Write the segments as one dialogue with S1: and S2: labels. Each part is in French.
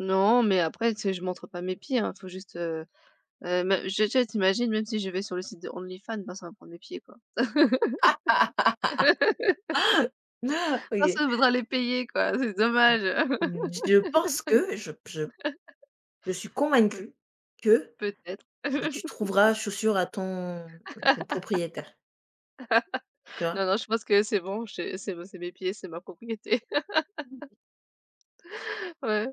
S1: Non mais après tu sais, je montre pas mes pieds, hein. Faut juste, heu heu, mais j'ai j'ai tu imagines même si je vais sur le site de OnlyFans, ben, ça va me prendre mes pieds quoi.
S2: OK.
S1: Personne voudra les payer quoi, c'est dommage!
S2: Mmh, je pense que, je p je je suis
S1: Mmh.
S2: convaincue que
S1: Peut-être.
S2: mais tu trouveras chaussure à ton ton ton propriétaire. Tu vois?
S1: Non non, je pense que c'est bon, ché c'est me c'est mes pieds, c'est ma propriété.
S2: [unintelligible]
S1: Ouais.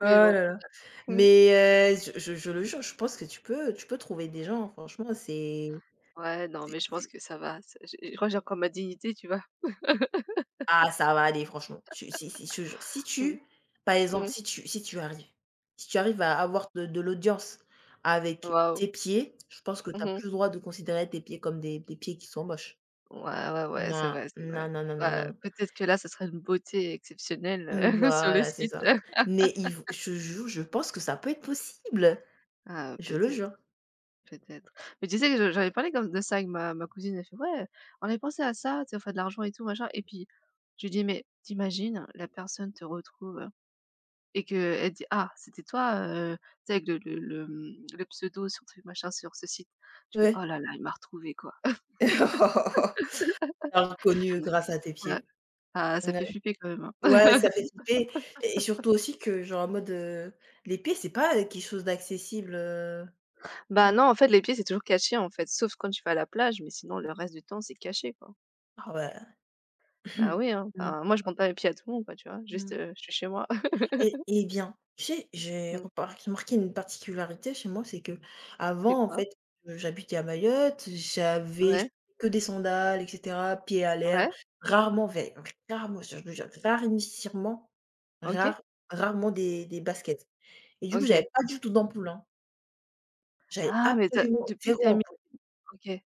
S2: Oh
S1: Mais
S2: la
S1: bon.
S2: la.
S1: Mmh.
S2: Mais, heu, z je je je le jure, je pense que tu peux tu peux trouver des gens, franchement c'est
S1: Ouais, non
S2: c'est
S1: mais je pense
S2: c'est
S1: que ça va. Ça j'ai je crois que j'ai encore ma dignité tu vois?
S2: Ah, ça va aller, franchement. Je si si, je te jure. Si
S1: Mmh.
S2: tu par exemple,
S1: Mmh.
S2: si tu si tu arrives. Si tu arrives à avoir de de l'audience avec
S1: Wahou.
S2: tes pieds, je pense que tu
S1: Mmh
S2: as
S1: mh.
S2: plus le droit de considérer tes pieds comme des des pieds qui sont moches.
S1: Ouais, ouais, ouais, c'est
S2: Non,
S1: vrai, c'est vrai.
S2: non, non, non, non,
S1: Bah,
S2: non.
S1: peut-être que là, ça serait une beauté exceptionnelle, heu,
S2: Mmh,
S1: sur le
S2: voilà, c'est
S1: site.
S2: ça. Mais il v je te jure, je pense que ça peut être possible!
S1: Ah, heu,
S2: Je le
S1: peut-être,
S2: jure.
S1: peut-être. Mais tu sais que je j'avais parlé quand m de ça avec ma ma cousine. Elle fait: «Ouais, on avait pensé à ça, tu sais on fait de l'argent et tout, machin» et puis, je lui dis: «Mais tu imagines la personne te retrouve et qu'elle dit: "Ah c'était toi, heu, tu sais avec de le le, mmh, le pseudo sur truc machin, sur ce site!"», je fais: «Oh,
S2: Ouais.
S1: là là, il m'a retrouvé quoi».
S2: T'a reconnue, heu, grâce à tes
S1: Ouais.
S2: pieds.
S1: Bah, ça
S2: Ouais?
S1: fait flipper quand même, hein.
S2: Ouais, ça fait flipper et surtout aussi que genre en mode, heu, les pieds c'est pas, heu, quelque chose d'accessible, heu tu
S1: Bah, non
S2: vois?
S1: en fait les pieds c'est toujours caché, en fait. Sauf quand tu vas à la plage, mais sinon
S2: Ouais.
S1: le reste du temps c'est caché quoi.
S2: Ah ouais!
S1: Bah, oui, hein.
S2: Mmh.
S1: Ben, moi, je montre pas mes pieds à tout le monde quoi, tu vois? Juste,
S2: Mmh.
S1: heu, je suis chez moi.
S2: Et et bien, tu sais j'ai
S1: Mmh.
S2: repart remarqué une particularité chez moi, c'est
S1: C'est
S2: qu'avant, en
S1: quoi?
S2: fait, heu, j'habitais à Mayotte, j'avais
S1: Ouais.
S2: j que des sandales et cetera, pieds à
S1: Ouais.
S2: l'air, rarement, vai vraiment ça je le jure rarinissirement,
S1: OK.
S2: rare rarement des des baskets et du coup,
S1: OK.
S2: j'avais pas du tout d'ampoules, hein. J'avais
S1: Ah! Mais tu as
S2: absolument
S1: depuis que tu
S2: 0
S1: as mis
S2: ampoule!
S1: OK.